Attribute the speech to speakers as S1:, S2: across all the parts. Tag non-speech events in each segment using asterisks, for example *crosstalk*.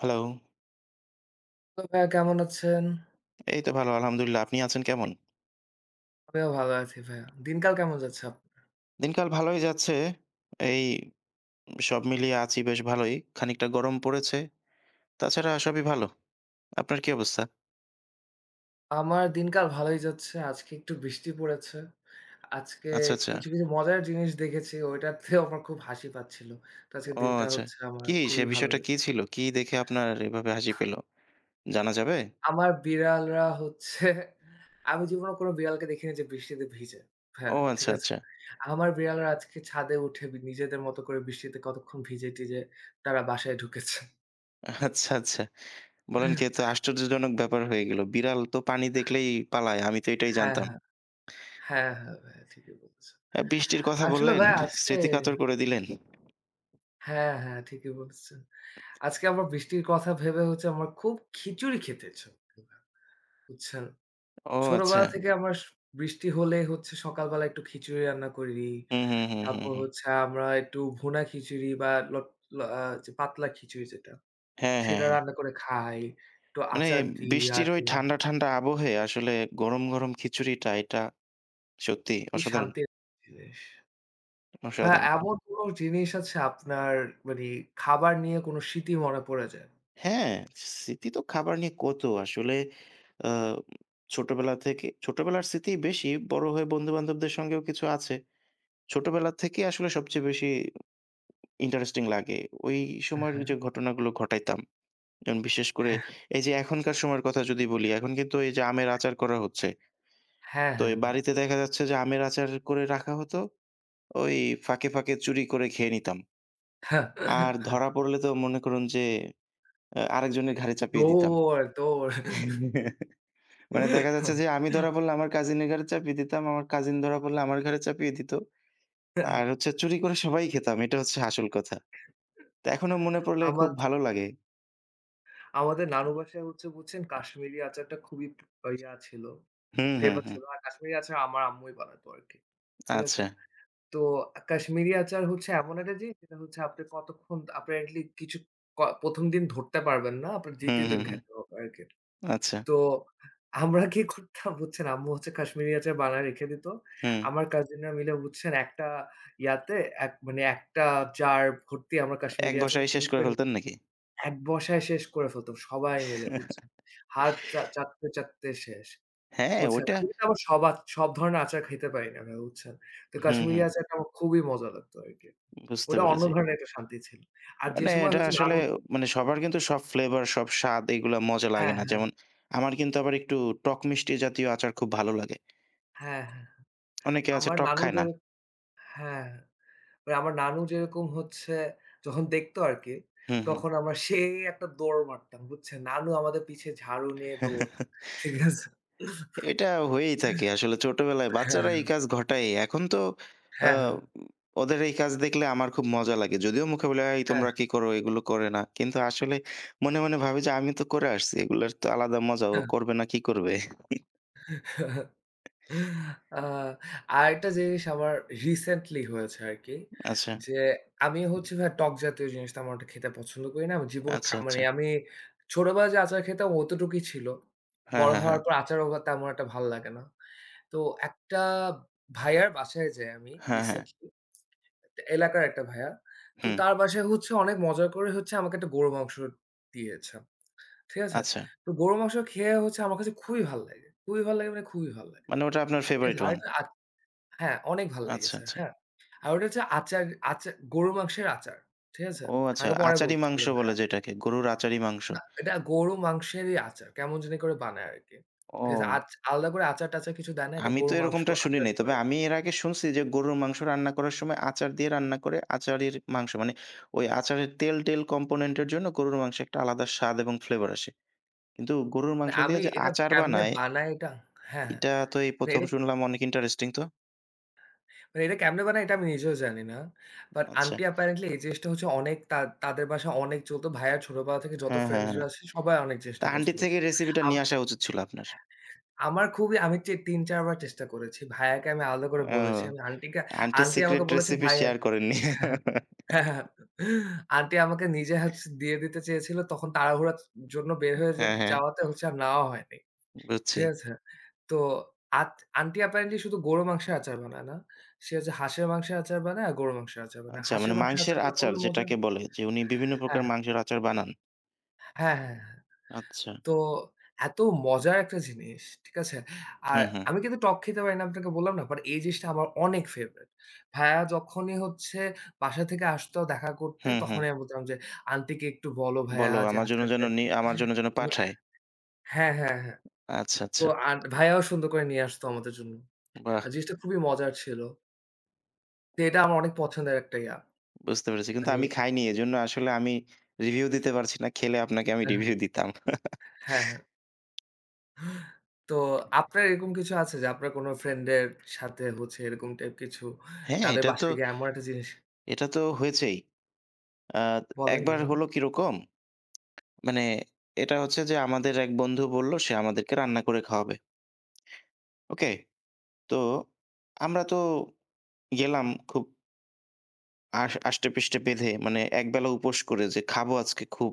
S1: Hello.
S2: তো ভাইয়া কেমন আছেন?
S1: এই তো ভালো আলহামদুলিল্লাহ। আপনি আছেন কেমন?
S2: আমিও ভালো আছি ভাইয়া। দিনকাল কেমন যাচ্ছে আপ
S1: দিনকাল ভালোই যাচ্ছে। এই, সব মিলিয়ে আছি বেশ ভালোই। খানিকটা গরম পড়েছে। তাছাড়া সবই ভালো। আপনার কী অবস্থা?
S2: আমার দিনকাল ভালোই যাচ্ছে। আজকে একটু বৃষ্টি পড়েছে। আজকে
S1: আচ্ছা, আচ্ছা।
S2: কিছু, কিছু মজার জিনিস দেখেছি। ওইটাতেও আমার খুব হাসি পাচ্ছিল। তো আজকের
S1: ও
S2: দিনটা
S1: আচ্ছা।
S2: হচ্ছে আমার
S1: কী? সে
S2: খুবই ভালো
S1: বিষয়টা কি ছিল? কি দেখে আপনার, এভাবে হাসি পেলো? জানা যাবে?
S2: আমার বিড়ালরা হচ্ছে। আমি জীবনেও কোন বিড়ালকে দেখিনি যে বৃষ্টিতে ভিজে। ভাইয়া
S1: ও
S2: ঠিক
S1: আচ্ছা,
S2: আছে?
S1: আচ্ছা।
S2: আমার বিড়ালরা আজকে ছাদে উঠে নিজেদের মতো করে বৃষ্টিতে কতক্ষণ ভিজে-টিজে তারা বাসায় ঢুকেছে।
S1: আচ্ছা, আচ্ছা। বলেন কি এত
S2: *chuckles*
S1: আশ্চর্যজনক ব্যাপার হয়ে গেল। বিড়াল তো পানি দেখলেই পালায়। আমি তো এটাই
S2: হ্যাঁ,
S1: জানতাম।
S2: হ্যাঁ। হ্যাঁ, হ্যাঁ, ভাইয়া ঠিকই বলছ।
S1: এ্যা বৃষ্টির কথা
S2: আসলে
S1: বললেন,
S2: ভাইয়া আজকে
S1: স্মৃতি কাতর করে দিলেন।
S2: হ্যাঁ, হ্যাঁ ঠিকই বলছেন। আজকে আমার বৃষ্টির কথা ভেবে হচ্ছে আমার খুব খিচুড়ি খেতে ইচ্ছে করছিল। বুঝছেন।
S1: ও আচ্ছা।
S2: ছোটবেলা থেকে আমার, বৃষ্টি হলে হচ্ছে সকাল বেলা একটু খিচুড়ি রান্না করি।
S1: হু, হু, হু, হু,
S2: তারপর
S1: হু।
S2: হচ্ছে আমরা একটু ভুনা খিচুড়ি বা লট ল এ্যা যে পাতলা খিচুড়ি যেটা,
S1: হ্যাঁ, হ্যাঁ,
S2: সেটা
S1: হ্যাঁ।
S2: রান্না করে খাই। একটু
S1: মানে,
S2: আচার দিই
S1: বৃষ্টির ওই
S2: ইয়াতে।
S1: ঠাণ্ডা, ঠাণ্ডা আবহে আসলে গরম, গরম খিচুড়িটা এটা সত্যিই
S2: খুবই
S1: অসাধারণ।
S2: শান্তির একটা জিনিস। ভাইয়া,
S1: অসাধারণ।
S2: এমন কোনো জিনিস আছে আপনার, মানে খাবার নিয়ে কোন স্মৃতি মনে পড়ে যায়।
S1: হ্যাঁ, স্মৃতি তো খাবার নিয়ে কত। আসলে এ্যা ছোটবেলা থেকে, ছোটবেলার স্মৃতি বেশি বড় হয়ে বন্ধুবান্ধবদের সঙ্গেও কিছু আছে। ছোটবেলা থেকেই আসলে সবচেয়ে বেশি, ইন্টারেস্টিং লাগে। ওই সময়ের
S2: হ্যাঁ।
S1: যে ঘটনাগুলো ঘটাইতাম। এবং বিশেষ করে
S2: হ্যাঁ।
S1: এই যে এখনকার সময়ের কথা যদি বলি এখন কিন্তু এই যে আমের আচার করা হচ্ছে।
S2: হ্যাঁ,
S1: তো
S2: হ্যাঁ
S1: ওই
S2: ভাইয়া।
S1: বাড়িতে দেখা যাচ্ছে যে আমের আচার করে রাখা হতো। ওই ফাঁকে, ফাঁকে চুরি করে খেয়ে নিতাম। আর
S2: *laughs*
S1: ধরা পড়লে তো মনে করুন যে, এ্যা আরেকজনের ঘাড়ে চাপিয়ে দিতাম।
S2: দৌড়, দৌড়।
S1: *chuckles* মানে দেখা যাচ্ছে যে আমি ধরা
S2: *chuckles*
S1: পড়লে আমার কাজিনের ঘরে চাপিয়ে দিতাম। আমার কাজিন ধরা পড়লে আমার ঘরে চাপিয়ে দিত। আর হচ্ছে চুরি করে
S2: *chuckles*
S1: সবাই খেতাম। এটা হচ্ছে আসল কথা। তা এখনো মনে পড়লে
S2: *chuckles*
S1: খুব
S2: আমার
S1: ভালো লাগে।
S2: আমাদের নানু বাসায় হচ্ছে বুঝছেন কাশ্মীরি আচারটা খুবই ইয়া ছিল,
S1: হুম, হুম,
S2: ফেভার
S1: হুম।
S2: ছিল আর কাশ্মীরি আচার আমার আম্মুই বানাতো আরকি, ঠিক আছে।
S1: আচ্ছা।
S2: তো কাশ্মীরি আচার হচ্ছে এমন একটা জিনিস যেটা হচ্ছে আপনি কতক্ষণ apparently কিছু ক ১ম দিন ধরতে পারবেন না, আপনার
S1: হুম,
S2: ২য় দিন
S1: হুম, হুম।
S2: খাইতে হবে আরকি।
S1: আচ্ছা।
S2: তো আমরা কি করতাম বুঝছেন, আম্মু কাশ্মীরি আচার বানায় রেখে দিত।
S1: হুম।
S2: আমার কাজিনরা মিলে বুঝছেন একটা ইয়াতে এক মানে একটা জার ভর্তি আমরা
S1: এক
S2: কাশ্মীরি আচার
S1: বসাই শেষ
S2: চুরি
S1: করে
S2: করে *unintelligible*
S1: ফেলতেন নাকি?
S2: এক বসায় শেষ করে ফেলত সবাই মিলে বুঝছেন,
S1: *chuckles*
S2: হাত চা চাটতে, চাটতে শেষ,
S1: হ্যাঁ,
S2: বুঝছেন।
S1: ওটা।
S2: আমি কিন্তু আবার সবার সব ধরনের আচার খাইতে পারি না আমি, বুঝছেন। তো
S1: হুম,
S2: কাশ্মীরি
S1: হুম।
S2: আচারটা আমার খুবই মজা লাগতো আরকি।
S1: বুঝতে
S2: ওটা অন্য
S1: পেরেছি।
S2: ধরনের একটা শান্তি ছিল। আর যে
S1: মানে
S2: সময়
S1: এটা
S2: হচ্ছে
S1: আসলে,
S2: নানু
S1: মানে সবার কিন্তু সব ফ্লেভার, সব স্বাদ, এগুলা মজা লাগে
S2: হ্যাঁ,
S1: না।
S2: হ্যাঁ।
S1: যেমন আমার কিন্তু আবার একটু টক-মিষ্টি জাতীয় আচার খুব ভালো লাগে।
S2: হ্যাঁ, হ্যাঁ।
S1: *smacks lips* অনেকে আছে
S2: আমার
S1: টক
S2: নানু
S1: খায়
S2: যে,
S1: না।
S2: হ্যাঁ। আমার নানু যেরকম হচ্ছে যখন দেখতো আরকি,
S1: হুম, হু।
S2: তখন আমরা সেই একটা দৌড় মারতাম বুঝছে। নানু আমাদের পিছে ঝাড়ু নিয়ে দৌড়,
S1: *chuckles*
S2: ঠিক আছে।
S1: এটা
S2: *chuckles*
S1: হয়েই থাকে, আসলে ছোটবেলায় বাচ্চারা এই
S2: হ্যাঁ।
S1: কাজ ঘটায়। এখন তো আ
S2: হ্যাঁ, হ্যাঁ।
S1: ওদের এই কাজ দেখলে আমার খুব মজা লাগে। যদিও মুখে বলি, এই
S2: হ্যাঁ,
S1: তোমরা
S2: হ্যাঁ।
S1: কী করো? এগুলো করে না। কিন্তু আসলে মনে, মনে ভাবি যে আমি তো করে আসছি, এগুলো তো আলাদা মজা, ও
S2: কা।
S1: করবে না, কি করবে? *chuckles*
S2: *chuckles* আ আরেকটা জিনিস আমার রিসেন্টলি হয়েছে আরকি
S1: আচ্ছা।
S2: যে, আমি হচ্ছি ভাই টক জাতীয় জিনিসটা তেমন একটা খেতে পছন্দ করি না। আমি জীবনে
S1: আচ্ছা,
S2: খা মানে
S1: আচ্ছা।
S2: আমি ছোটবেলায় যে আচার খেতাম অতটুকুই ছিল।
S1: হ্যাঁ,
S2: বড়
S1: হ্যাঁ, হ্যাঁ।
S2: হওয়ার পর আচারও বা তেমন একটা ভালো লাগে না। তো একটা ভাইয়ার বাসায় যাই আমি
S1: হ্যাঁ, হ্যাঁ।
S2: রিসেন্টলি, এলাকার একটা ভাইয়া, তো
S1: হুম।
S2: তার বাসায় হচ্ছে অনেক মজা করে হচ্ছে আমাকে একটা গরু মাংস দিয়েছে, *smacks lips* ঠিক আছে।
S1: আচ্ছা।
S2: তো গরুর মাংস খেয়ে হচ্ছে আমার কাছে খুবই ভাল লাগে খুবই ভাল লাগে মানে খুবই ভাল লাগে,
S1: মানে ওটা আপনার
S2: ঠিক
S1: ফেভারেট
S2: আছে।
S1: ওয়ান।
S2: আরেকটা আর হ্যাঁ, অনেক ভাল
S1: আচ্ছা,
S2: লাগেছে,
S1: আচ্ছা।
S2: হ্যাঁ, আর ওটা হচ্ছে আচার, আচার গরুর মাংসের আচার, ঠিক আছে।
S1: ও আচ্ছা,
S2: আমাকে পরে
S1: আচারি
S2: বলছিল
S1: মাংস বলে
S2: ভায়া।
S1: যেটাকে, গরুর আচারি মাংস।
S2: না এটা গরুর মাংসেরই আচার, কেমন জানি করে বানায় আরকি, ঠিক আছে।
S1: ও।
S2: আচ আলাদা করে আচার-টাচার কিছু দেয় না, এটা
S1: আমি তো
S2: গরুর মাংস
S1: এরকমটা শুনি
S2: আচার
S1: নাই। তবে
S2: করে।
S1: আমি এর আগে শুনছি যে, গরুর মাংস রান্না করার সময় আচার দিয়ে রান্না করে আচারির মাংস, মানে ওই আচারের তেল-টেল কম্পোনেন্টের জন্য গরুর মাংস একটা আলাদা স্বাদ এবং ফ্লেভার আসে। কিন্তু গরুর
S2: মানে
S1: মাংস
S2: আমি
S1: দিয়ে যে
S2: এটা
S1: আচার
S2: কেমনে
S1: বানায়
S2: বানায় এটা? হ্যাঁ,
S1: এটা
S2: হ্যাঁ।
S1: তো এই ১ম
S2: এটা
S1: শুনলাম, অনেক ইন্টারেস্টিং তো।
S2: মানে এটা কেমনে বানায় এটা আমি নিজেও জানি না। বাট
S1: আচ্ছা।
S2: আন্টি অ্যাপারেন্টলি এই জিনিসটা হচ্ছে অনেক তার তাদের বাসায় অনেক চলত। ভাইয়ার ছোটবেলা থেকে যত
S1: হ্যাঁ, হ্যাঁ, হ্যাঁ।
S2: ফ্রেন্ডসরা আছে সবাই অনেক
S1: তা
S2: জিনিসটা
S1: আন্টির
S2: পছন্দ করত।
S1: থেকেই রেসিপিটা
S2: আম
S1: নিয়ে আসা উচিত ছিল আপনার।
S2: আমার খুবই আমি চে ৩ ৪ বার চেষ্টা করেছি। ভাইয়াকে আমি আলাদা করে
S1: ও
S2: বলেছি। আমি আন্টিকে,
S1: আন্টি
S2: আন্টি আমাকে
S1: সিক্রেট
S2: বলেছে
S1: রেসিপি
S2: ভাইয়া
S1: শেয়ার করেননি। *laughs*
S2: *chuckles* আন্টি আমাকে নিজে হচ দিয়ে দিতে চেয়েছিল। তখন তাড়াহুড়ার জন্য বের হয়ে যেত
S1: হ্যাঁ, হ্যাঁ।
S2: যাওয়াতে হচ্ছে আর নেওয়া হয়নি।
S1: বুঝছি।
S2: ঠিক আছে, তো আত আন্টি অ্যাপারেন্টলি শুধু গরুর মাংসের আচার বানায় না। সে হচ্ছে হাঁসের মাংসের আচার বানায় আর গরুর মাংসের আচার বানায়।
S1: আচ্ছা,
S2: হাঁসের
S1: মানে
S2: মাংসের
S1: মাংসের
S2: আচারটা
S1: আচার
S2: খুবই মজা।
S1: যেটাকে বলে। যে উনি বিভিন্ন প্রকার
S2: হ্যাঁ।
S1: মাংসের আচার বানান।
S2: হ্যাঁ, হ্যাঁ, হ্যাঁ।
S1: আচ্ছা।
S2: তো এত মজার একটা জিনিস। ঠিক আছে,
S1: হু,
S2: আর
S1: হু।
S2: আমি কিন্তু টক খেতে পারি না আপনাকে বললাম না। বাট এই জিনিসটা আমার অনেক ফেভারিট। ভাইয়া যখনই হচ্ছে বাসা থেকে আসতো দেখা করতে
S1: হু, হু।
S2: তখনই আমি বলতাম যে আন্টিকে একটু বলো ভাইয়া
S1: বলো,
S2: যে
S1: আমার জন্য
S2: আচারটা
S1: যেন
S2: একটু
S1: নিয়ে, আমার
S2: মানে
S1: জন্য যেন
S2: এতো
S1: পাঠায়।
S2: হ্যাঁ, হ্যাঁ, হ্যাঁ।
S1: আচ্ছা,
S2: ও
S1: আচ্ছা।
S2: আর ভাইয়াও সুন্দর করে নিয়ে আসত আমাদের জন্য। আর
S1: বাহ!
S2: জিনিসটা খুবই মজার ছিল। তে এটা আমার অনেক পছন্দের একটা ইয়া।
S1: বুঝতে পেরেছি। কিন্তু
S2: মানে?
S1: আমি খাইনি। এজন্য আসলে আমি রিভিউ দিতে পারছি না। খেলে আপনাকে আমি
S2: এ্যা হ্যাঁ।
S1: রিভিউ দিতাম।
S2: হ্যাঁ হ্যাঁ।
S1: *chuckles*
S2: তো আপনার এরকম কিছু আছে? যে আপনার কোন ফ্রেন্ড এর সাথে হচ্ছে এরকম টাইপ কিছু
S1: হ্যাঁ,
S2: তাদের
S1: এটা তো
S2: বাসায় গিয়ে এমন একটা জিনিস?
S1: এটা তো হয়েছেই। আ
S2: বলেন।
S1: একবার
S2: বলুন।
S1: হল কি রকম? মানে এটা হচ্ছে যে আমাদের এক বন্ধু বলল সে আমাদেরকে রান্না করে খাওয়াবে। ওকে? তো আমরা তো গেলাম খুব আস আষ্টেপৃষ্ঠে বেঁধে মানে একবেলা উপোস করে যে, খাবো আজকে খুব।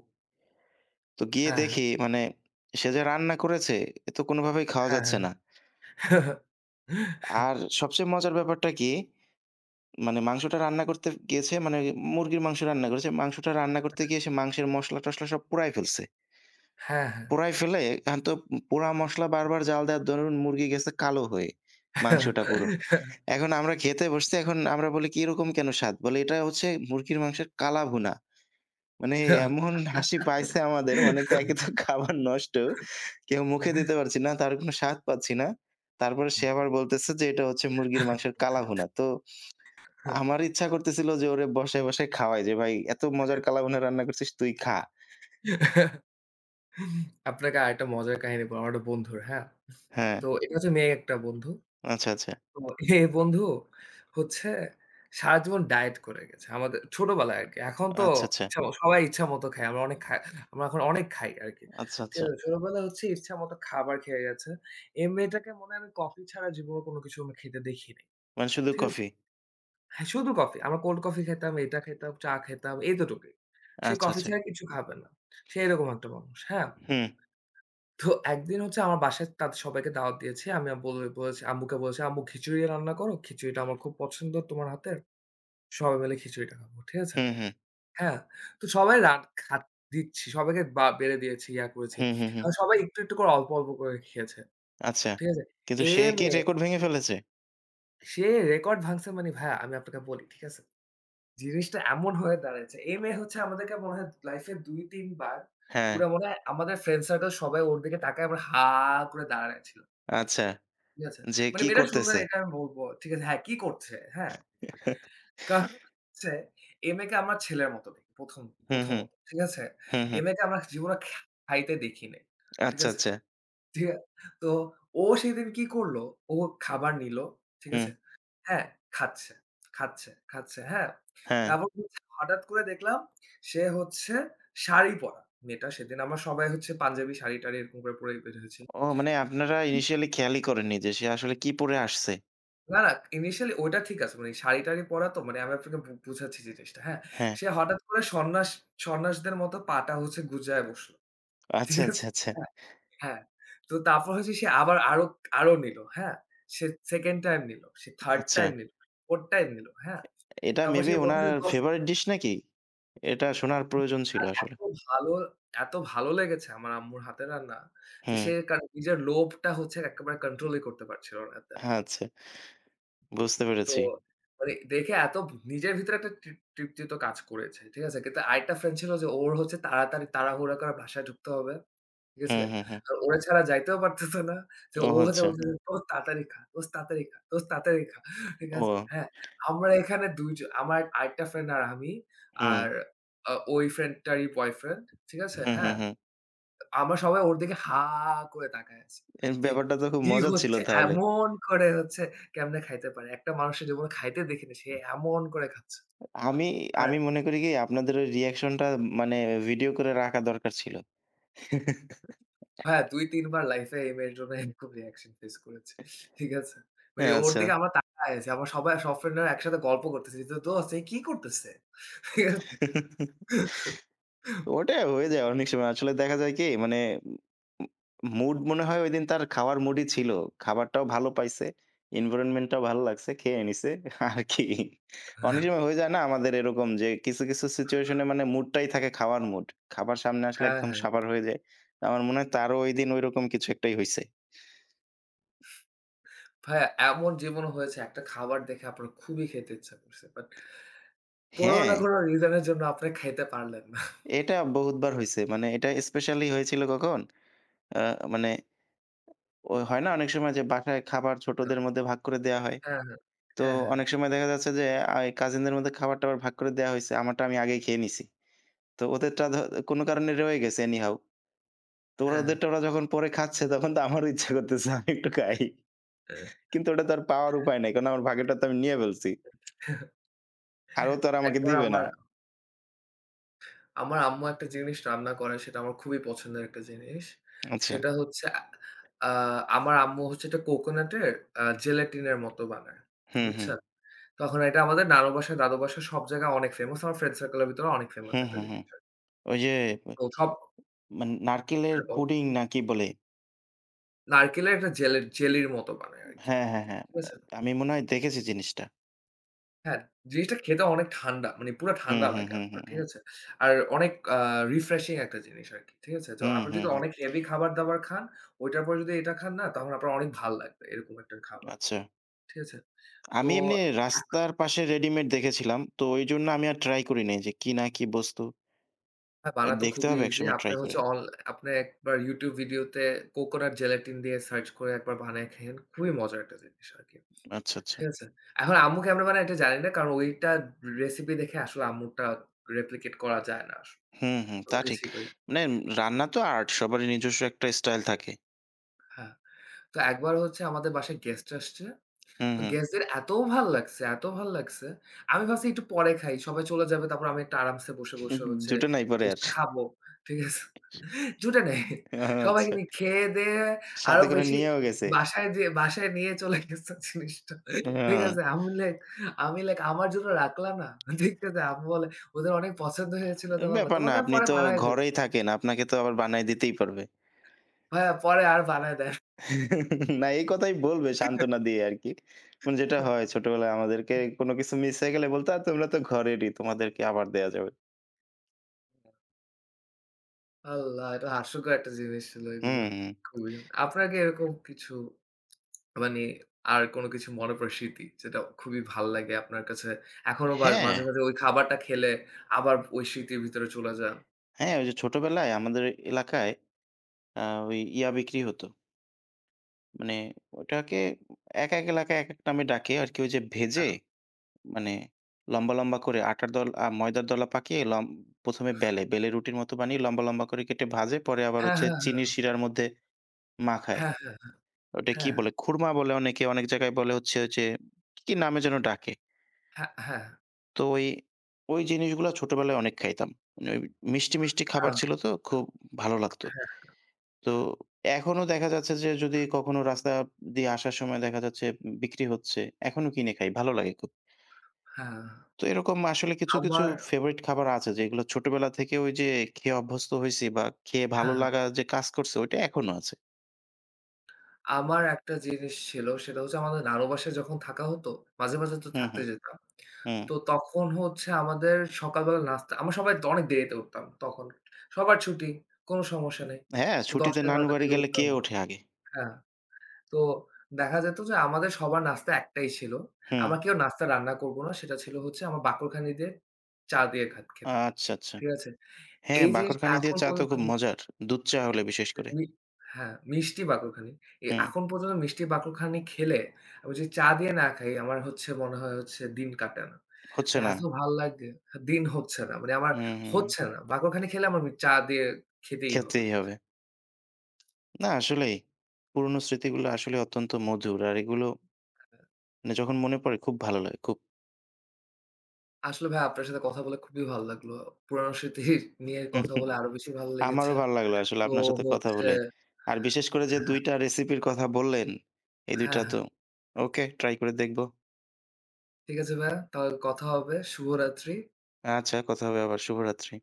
S1: তো গিয়ে
S2: হ্যাঁ। হ্যাঁ।
S1: দেখি, মানে সে যে রান্না করেছে, এ তো কোনভাবেই খাওয়া
S2: হ্যাঁ।
S1: যাচ্ছে না।
S2: হ্যাঁ।
S1: আর
S2: *chuckles*
S1: সবচেয়ে মজার ব্যাপারটা কী? মানে মাংসটা রান্না করতে গিয়েছে মানে মুরগির মাংস রান্না করেছে। মাংসটা রান্না করতে গিয়ে সে মাংসের মশলা টশলা সব পোড়ায় ফেলছে।
S2: হ্যাঁ। হ্যাঁ।
S1: পোড়ায় ফেলে এখন তো পোড়া মশলা বারবার জ্বাল দেওয়ার দরুন মুরগি গেছে কালো হয়ে। মাংসটা পুরো।
S2: *chuckles*
S1: এখন আমরা খেতে বসছি, এখন আমরা বলি এরকম কেন স্বাদ? বলে এটা হচ্ছে মুরগির মাংসের কালা ভুনা। মানে এমন হাসি পাইছে আমাদের। মানে তো
S2: *giggles*
S1: একেতো খাবার নষ্ট কেউ মুখে দিতে
S2: *chuckles*
S1: পারছি না, তার কোন স্বাদ পাচ্ছি না। তারপরে সে আবার বলতেছে যে এটা হচ্ছে মুরগির মাংসের কালাভুনা। তো
S2: *chuckles*
S1: আমার ইচ্ছা করতেছিল যে ওরে বসায়, বসায়, খাওয়াই যে ভাই, "এত মজার কালাভুনা রান্না করছিস তুই খা।"
S2: *chuckles* আপনাকে আরেকটা মজার কাহিনী বলবো, আমার একটা বন্ধুর। হ্যাঁ?
S1: হ্যাঁ।
S2: তো এটা হচ্ছে মেয়ে একটা বন্ধু।
S1: আচ্ছা, আচ্ছা।
S2: তো এ বন্ধু হচ্ছে সারাজীবন ডায়েট করে গেছে। আমাদের ছোটবেলায় আরকি। এখন তো
S1: আচ্ছা, আচ্ছা।
S2: ইচ্ছাম সবাই ইচ্ছামত খায়। আমরা অনেক খা আমরা এখন অনেক খাই আরকি।
S1: আচ্ছা,
S2: তো
S1: আচ্ছা।
S2: ছোটবেলায় হচ্ছে ইচ্ছামত খাবার খেয়ে গেছে। এই মেয়েটাকে মনে হয় আমি কফি ছাড়া জীবনে কোন কিছু আমি খেতে দেখি নাই
S1: মানে শুধু
S2: ঠিক আছে?
S1: কফি?
S2: হ্যাঁ, শুধু কফি। আমরা কোল্ড কফি খেতাম, এটা খেতাম চা খেতাম এতটুকই। সে
S1: আচ্ছা,
S2: কফি
S1: আচ্ছা।
S2: ছাড়া কিছু খাবে না। সে এরকম একটা মানুষ। হ্যাঁ।
S1: হু।
S2: তো একদিন হচ্ছে আমার বাসায় তাদের সবাইকে দাওয়াত দিয়েছি। আমি বল বলেছি আম্মুকে বলেছি আম্মু খিচুড়ি রান্না করো। খিচুড়িটা আমার খুব পছন্দ তোমার হাতের। সবাই মিলে খিচুড়িটা খাবো। ঠিক আছে?
S1: হু, হু।
S2: হ্যাঁ, তো সবাই রা খা দিচ্ছি। সবাইকে বা বেড়ে দিয়েছি ইয়া করেছি।
S1: হু, হু, হু।
S2: সবাই একটু, একটু, করে অল্প, অল্প, করে খেয়েছে।
S1: আচ্ছা।
S2: ঠিক আছে?
S1: কিন্তু
S2: এ
S1: সে কি
S2: মেয়ে
S1: রেকর্ড ভেঙে ফেলেছে?
S2: সে রেকর্ড ভাঙছে মানে ভাইয়া, আমি আপনাকে বলি, ঠিক আছে? জিনিসটা এমন হয়ে দাঁড়ায়ছে, এই মেয়ে হচ্ছে আমাদেরকে মনে হয় লাইফে ২-৩ বার,
S1: হ্যাঁ।
S2: পুরা মনে হয় আমাদের ফ্রেন্ড সার্কেল সবাই ওর দিকে তাকায় বা হা করে দাঁড়ায়ছিল
S1: আচ্ছা,
S2: ঠিক আছে,
S1: যে
S2: মানে
S1: কি
S2: মেয়েটা সুন্দর
S1: করতেছে?
S2: এটা আমি বলবো। ঠিক আছে? হ্যাঁ কি করছে, হ্যাঁ
S1: *chuckles*
S2: কারণ হচ্ছে এই মেয়েকে আমার ছেলের মতো দেখি। প্রথম
S1: হুম, হুম।
S2: প্রথমত। ঠিক আছে?
S1: হুম,
S2: এই
S1: হুম।
S2: মেয়েকে আমরা জীবনে খাইতে দেখি নাই। ঠিক
S1: আচ্ছা,
S2: আছে?
S1: আচ্ছা।
S2: দিয়া তো ও সেদিন কী করল? ও খাবার নিল। ঠিক আছে?
S1: হুম।
S2: হ্যাঁ, খাচ্ছে, খাচ্ছে, খাচ্ছে। হ্যাঁ?
S1: হ্যাঁ।
S2: তারপর হচ্ছে হঠাৎ করে দেখলাম সে হচ্ছে শাড়ি পরা। মেয়েটা সেদিন আমরা সবাই হচ্ছে পাঞ্জাবি শাড়ি-টাড়ি এরকম করে পড়ে বের হয়েছি।
S1: ও মানে আপনারা
S2: উ
S1: ইনিশিয়ালি খেয়ালই করেননি যে সে আসলে কি পড়ে আসছে।
S2: না, ইনিশিয়ালি ওইটা ঠিক আছে। মানে শাড়ি-টাড়ি পরা তো মানে আমি আপনাকে বু বুঝাচ্ছি জিনিসটা। হ্যাঁ,
S1: হ্যাঁ।
S2: সে হঠাৎ করে সন্ন্যাস সন্ন্যাসদের মতো পা'টা হচ্ছে গুঁজায় বসলো।
S1: আচ্ছা,
S2: ঠিক
S1: আচ্ছা,
S2: আছে?
S1: আচ্ছা।
S2: হ্যাঁ। হ্যাঁ। তো তারপর হচ্ছে সে আবার আরো, আরো নিলো, হ্যাঁ সে 2nd টাইম নিলো, 3rd
S1: আচ্ছা।
S2: টাইম নিলো, 4th টাইম নিলো। হ্যাঁ?
S1: এ এটা
S2: তারপর
S1: মেবি
S2: সে বলছে
S1: ওনার
S2: যে, "দোস্ত"
S1: ফেভারিট ডিশ নাকি? এটা শোনার প্রয়োজন ছিল
S2: আর
S1: আসলে।
S2: এতো ভালো এত ভালো লেগেছে আমার আম্মুর হাতের রান্না, যে
S1: হুম।
S2: সে কার নিজের লোভটা হচ্ছে একেবারে কন্ট্রোলই করতে পারছিল না। দে
S1: আচ্ছা। বুঝতে
S2: তো
S1: পেরেছি।
S2: ওরে দেখে এত ভ নিজের ভিতরে একটা তৃপ তৃপ্তিতো কাজ করেছে। ঠিক আছে? কিন্তু আরেকটা ফ্রেন্ড ছিল যে ওর হচ্ছে তাড়াতাড়ি তাড়াহুড়া করে বাসায় ঢুকতে হবে। ঠিক
S1: হুম,
S2: আছে?
S1: হুম, হুম।
S2: তো ওরে ছাড়া যাইতেও পারতেছে না। যে
S1: ও,
S2: ও যা
S1: আচ্ছা।
S2: বলতেসে, “দোস্ত তাড়াতাড়ি খা। দোস্ত তাড়াতাড়ি খা। দোস্ত তাড়াতাড়ি খা।“ ঠিক
S1: ও।
S2: আছে? হ্যাঁ, আমরা এখানে ২ জন আমার আরেকটা ফ্রেন্ড আর আমি আর
S1: হুম।
S2: অ ওই ফ্রেন্ডটারই বয়ফ্রেন্ড ঠিক আছে?
S1: হুম, হুম,
S2: হ্যাঁ।
S1: হুম।
S2: আমরা সবাই ওর দিকে হা করে তাকায় আছি।
S1: এজ
S2: যে
S1: ব্যাপারটা তো খুব
S2: কি
S1: মজার ছিল
S2: হচ্ছে
S1: তাহলে।
S2: এমন করে হচ্ছে কেমনে খাইতে পারে। একটা মানুষের জীবনে খাইতে দেখি না, সে এমন করে খাচ্ছে।
S1: আমি
S2: আর
S1: আমি মনে করি, কি আপনাদের ওই রিঅ্যাকশনটা মানে ভিডিও করে রাখা দরকার ছিল। *chuckles*
S2: ভাইয়া, ২-৩ বার লাইফে এই মেয়ের জন্য এরকম রিঅ্যাকশন ফেস করেছি। ঠিক আছে? মানে
S1: হ্যাঁ,
S2: ওর
S1: আচ্ছা।
S2: দিকে আমরা তাকায় আছি। আমার সবাই সব ফ্রেন্ডরা একসাথে গল্প করতেছি যে, “দোস্ত এ কি করতেছে?” *unintelligible*
S1: *chuckles*
S2: *chuckles*
S1: ওটা হয়ে যায় অনেক সময়। আসলে দেখা যায় কি মানে। ম ম মুড মনে হয় ঐদিন তার খাওয়ারার মুডই ছিল। খাবারটাও ভাল পাইছে। এনভায়রনমেন্টটাও ভালো লাগছে। খেয়ে নিসে আরকি। অনেক
S2: আহ
S1: সময় হয়ে যায় না আমাদের এরকম যে কিছু, কিছু সিচুয়েশনে মানে মুডটাই থাকে খাওয়ার মুড। খাবার সামনে আসলে
S2: হ্যাঁ,
S1: একদম
S2: হ্যাঁ।
S1: সাবার হয়ে যায়। আমার মনে হয় তারও ঐদিন ঐরকম কিছু একটাই হইছে।
S2: ভাইয়া এমন জীবন হয়েছে একটা খাবার দেখে আপনার খুবই খেতে ইচ্ছা করছে। বাট কোনো
S1: হ্যাঁ।
S2: না কোনো রিজন এর জন্য আপনি খাইতে পারলেন না? *chuckles*
S1: এটা বহুতবার হইছে। মানে এটা স্পেশালি হয়েছিল কখন? আ মানে। ওই, হয় না অনেক সময় যে বাসায় খাবার
S2: *unintelligible*
S1: ছোটদের মধ্যে ভাগ করে দেয়া হয়।
S2: হ্যাঁ, হ্যাঁ।
S1: তো
S2: হ্যাঁ, হ্যাঁ।
S1: অনেক সময় দেখা যাচ্ছে যে আই কাজিনদের মধ্যে খাবার-টাবার ভাগ করে দেয়া হইছে। আমারটা আমি আগেই খেয়ে নিছি। তো ওদেরটা ধ কোনো কারণে রয়ে গেছে অ্যানিহাউ। তো
S2: হ্যাঁ, হ্যাঁ।
S1: ওরাদেরটা ওরা যখন পরে খাচ্ছে তখন তো আমারও ইচ্ছা করতেছে, আমি একটু খাই।
S2: অ্যা
S1: কিন্তু ওটা তো আর পাওয়ার উপায় নাই। কারণ আমার ভাগটা তো আমি নিয়া ফেলছি
S2: *chuckles*
S1: আর ও তো আর আমাকে
S2: একবার
S1: দিবে না।
S2: আমার আমার আম্মু একটা জিনিস রান্না করে সেটা আমার খুবই পছন্দের একটা জিনিস।
S1: আচ্ছা।
S2: সেটা হচ্ছে আ আ আমার আম্মু হচ্ছে একটা কোকোনাটের আ জেলেটিনের মতো বানায়।
S1: হু, হু।
S2: বুঝছেন, তখন এটা আমাদের নানু বাসায়, দাদু বাসার, সব জায়গায় অনেক ফেমাস। আমার ফ্রেন্ড সার্কেলের ভিতরে অনেক
S1: হু,
S2: ফেমাস একটা
S1: হু, হু।
S2: জিনিস
S1: ওইযে
S2: তো সব
S1: মান নারকেলের
S2: হ্যাঁ, বল।
S1: পুডিং না কি বলে?
S2: নারকেলের একটা জেলের জেলির মতো বানায় আরকি
S1: হ্যাঁ, হ্যাঁ, হ্যাঁ।
S2: ঠিক
S1: আ
S2: আছে?
S1: আমি মনে হয় দেখেছি জিনিসটা।
S2: হ্যাঁ, জিনিসটা খেতে অনেক ঠান্ডা মানে পুরা
S1: হু,
S2: ঠান্ডা
S1: হু,
S2: লাগে
S1: হু, হু,
S2: আপনার। ঠিক
S1: হু।
S2: আছে? আর অনেক আ রিফ্রেশিং একটা জিনিস আরকি। ঠিক আছে? জ
S1: হু,
S2: আপনি
S1: হু,
S2: যদি
S1: হু।
S2: অনেক হেভি খাবার-দাবার খান। ওইটার পর যদি এটা খান না তাহলে আপনার অনেক ভাল লাগবে এরকম একটা খাবার।
S1: আচ্ছা।
S2: ঠিক আছে? তো
S1: আমি এমনি
S2: *clears throat*
S1: রাস্তার পাশে রেডিমেড দেখেছিলাম তো এই জন্যে আমি আর ট্রাই করি নাই যে, কি না কি বস্তু?
S2: হ্যাঁ,
S1: এ
S2: বানাতো
S1: দেখতে
S2: খুবই
S1: হবে
S2: ইজি।
S1: একসময় ট্রাই
S2: আপনের
S1: করে।
S2: হচ্ছে অল আপনে একবার YouTube ভিডিওতে কোকোনাট জেলেটিন দিয়ে সার্চ করে একবার বানায় খেয়েন। খুবই মজার একটা জিনিস আরকি।
S1: আচ্ছা, আচ্ছা।
S2: ঠিক আছে, এখন আম্মু কেমনে বানায় এটা জানি না। কারণ ওইটা রেসিপি দেখে আসলে আম্মুরটা রেপ্লিকেট করা যায় না আস
S1: হু, হু
S2: কত
S1: তা ঠিক
S2: কিছুই করি।
S1: মানে রান্না তো আর্ট সবারই নিজস্ব একটা স্টাইল থাকে।
S2: হ্যাঁ। তো একবার হচ্ছে আমাদের বাসায় গেস্ট আসছে।
S1: হু,
S2: তো
S1: হু।
S2: গেস্টদের এত ভাল লাগছে এত ভাল লাগছে আমি ভাবছি একটু পরে খাই। সবাই চলে যাবে। তারপর আমি একটু আরামসে বসে, বসে,
S1: *chuckles*
S2: হচ্ছে
S1: জোটে নাই পরে আর?
S2: জিনিসটা খাবো। ঠিক আছে? জুটে নাই
S1: ও
S2: সবাই
S1: আচ্ছা
S2: *unintelligible* খেয়ে দেয়ে আরো
S1: সাথে করে
S2: বেশি
S1: নিয়েও গেছে?
S2: বাসায় দে বাসায় নিয়ে চলে গেছে জিনিসটা। ঠিক
S1: হ্যাঁ।
S2: আছে? আমি লাইক, আমার জন্য রাখলা না? দেখতে আম্মু বলে ওদের অনেক পছন্দ হয়েছিল তো বাবা।
S1: ব্যাপার না।
S2: তোমাকে আমি
S1: আপনি
S2: পরে
S1: তো
S2: বানায় দিব।
S1: ঘরেই থাকেন। আপনাকে তো আবার বানায় দিতেই পারবে।
S2: ভাইয়া পরে আর বানায় দেয় *chuckles*
S1: *chuckles* না, এই কথাই বলবে সান্ত্বনা দিয়ে আরকি মানে যেটা
S2: *chuckles*
S1: হয় ছোটবেলায় আমাদেরকে কোন কিছু মিস হয়ে গেলে বলতো তোমরা তো ঘরেরই। তোমাদেরকে আবার দেয়া যাবে।
S2: আল্লাহ! এটা হাস্যকর একটা জিনিস ছিল
S1: হু,
S2: এইগুলো।
S1: হু।
S2: খুবই। আপনার কি এরকম কিছু মানে আর কোন কিছু মনে পড়ে স্মৃতি? যেটা খুবই ভাল লাগে আপনার কাছে। এখনো বা
S1: হ্যাঁ।
S2: মাঝে, মাঝে ঐ খাবারটা খেলে আবার ওই স্মৃতির ভিতরে চলে যান।
S1: হ্যাঁ। ওই যে ছোটবেলায় আমাদের এ এলাকায় অ্যা ওই ইয়া বিক্রি হতো। মানে, ওটাকে ১-১ এলাকায় একেক নামে ডাকে আরকি। ওই যে ভেজে
S2: হ্যাঁ।
S1: মানে লম্বা, লম্বা করে আটার দল আ ময়দার দলা পাকিয়ে লম্ব প্রথমে বেলে, বেলে রুটির মতো বানিয়ে লম্বা, লম্বা করে কেটে ভাজে পরে আবার
S2: হ্যাঁ,
S1: হচ্ছে
S2: হ্যাঁ,
S1: চিনির
S2: হ্যাঁ।
S1: সিরার মধ্যে মাখায়।
S2: হ্যাঁ, হ্যাঁ, হ্যাঁ,
S1: ওইটা কি
S2: হ্যাঁ।
S1: বলে? খুরমা বলে অনেকে অনেক জায়গায় বলে হচ্ছে ওই যে, কি নামে যেন ডাকে।
S2: হ্যাঁ, হ্যাঁ, হ্যাঁ।
S1: তো এই ওই জিনিসগুলা ছোটবেলায় অনেক খাইতাম। মানে ওই মিষ্টি, মিষ্টি খাবার
S2: হ্যাঁ।
S1: ছিল তো খুব ভালো লাগতো।
S2: হ্যাঁ।
S1: তো এখনো দেখা যাচ্ছে যে, যদি কখনো রাস্তা দিয়ে আসার সময় দেখা যাচ্ছে বিক্রি হচ্ছে, এখনো কিনে খাই ভাল লাগে খুব।
S2: হ্যাঁ,
S1: তো এরকম আসলে কিছু, কিছু
S2: আমার
S1: ফেভারিট খাবার আছে, যেগুলো ছোটবেলা থেকে ওই যে খেয়ে অভ্যস্ত হইছি বা খেয়ে ভালো
S2: হ্যাঁ, হ্যাঁ।
S1: লাগা যে কাজ করছে, ওইটা এখনো আছে।
S2: আমার একটা জিনিস ছিল। সেটা হচ্ছে, আমাদের নানু বাসায় যখন থাকা হতো মাঝে, মাঝে তো
S1: হু, হু,
S2: থাকতে যেতাম।
S1: হুম।
S2: তো তখন হচ্ছে, আমাদের সকালবেলা নাস্তা আমরা সবাই দ অনেক দেরিতে উঠতাম তখন। সবার ছুটি কোন সমস্যা নাই।
S1: হ্যাঁ,
S2: তো
S1: ছুটিতে
S2: ১০:০০-১১:০০ এর
S1: নানুবাড়ি
S2: দিকে
S1: গেলে
S2: উঠতাম।
S1: কে ওঠে আগে?
S2: হ্যাঁ তো দেখা যেত যে, আমাদের সবার নাস্তা একটাই ছিল। আমরা
S1: হু।
S2: কেউ নাস্তা রান্না করবো না। সেটা ছিল হচ্ছে, আমরা বাকরখানি দিয়ে চা দিয়ে খা খেতাম।
S1: আচ্ছা, আচ্ছা।
S2: ঠিক আছে?
S1: হ্যাঁ,
S2: এই জিনিসটা
S1: বাঁকরখানি দিয়ে
S2: এখন
S1: চা তো
S2: পর্যন্ত।
S1: খুব
S2: *unintelligible*
S1: মজার দুধ চা হলে বিশেষ করে।
S2: *unintelligible* হ্যাঁ, মিষ্টি বাকরখানি। এ
S1: হু।
S2: এখন পর্যন্ত মিষ্টি বাকরখানি খেলে, আমি যদি চা দিয়ে না খাই, আমার হচ্ছে মনে হয় হচ্ছে দিন কাটে না।
S1: হচ্ছে
S2: মানে
S1: না।
S2: এত ভাল লাগে হা দিন হচ্ছে না মানে আমার
S1: হু, হু।
S2: হচ্ছে না। বাকরখানি খেলে, আমার ওই চা দিয়ে খেতেই হবে।
S1: খেতেই হবে। না, আসলেই পুরনো স্মৃতিগুলো আসলেই অত্যন্ত মধুর, আর এগুলো
S2: হ্যাঁ।
S1: মানে যখন মনে পড়ে, খুব ভালো লাগে খুব।
S2: আসলে ভাইয়া আপনার সাথে কথা বলে খুবই ভাল লাগলো। পুরানো স্মৃতির নিয়ে কথা বলে আরো বেশি ভাল লেগেছে
S1: আমারও ভাল লাগলো আসলে
S2: তো
S1: আপনার সাথে কথা
S2: হচ্ছে
S1: বলে। আর বিশেষ করে যে
S2: হ্যাঁ।
S1: ২ টা রেসিপির কথা বললেন, এই ২
S2: হ্যাঁ,
S1: টা
S2: হ্যাঁ।
S1: তো ওকে ট্রাই করে দেখব।
S2: ঠিক আছে ভাইয়া। তাহলে কথা হবে শুভরাত্রি।
S1: আচ্ছা কথা হবে আবার শুভরাত্রি।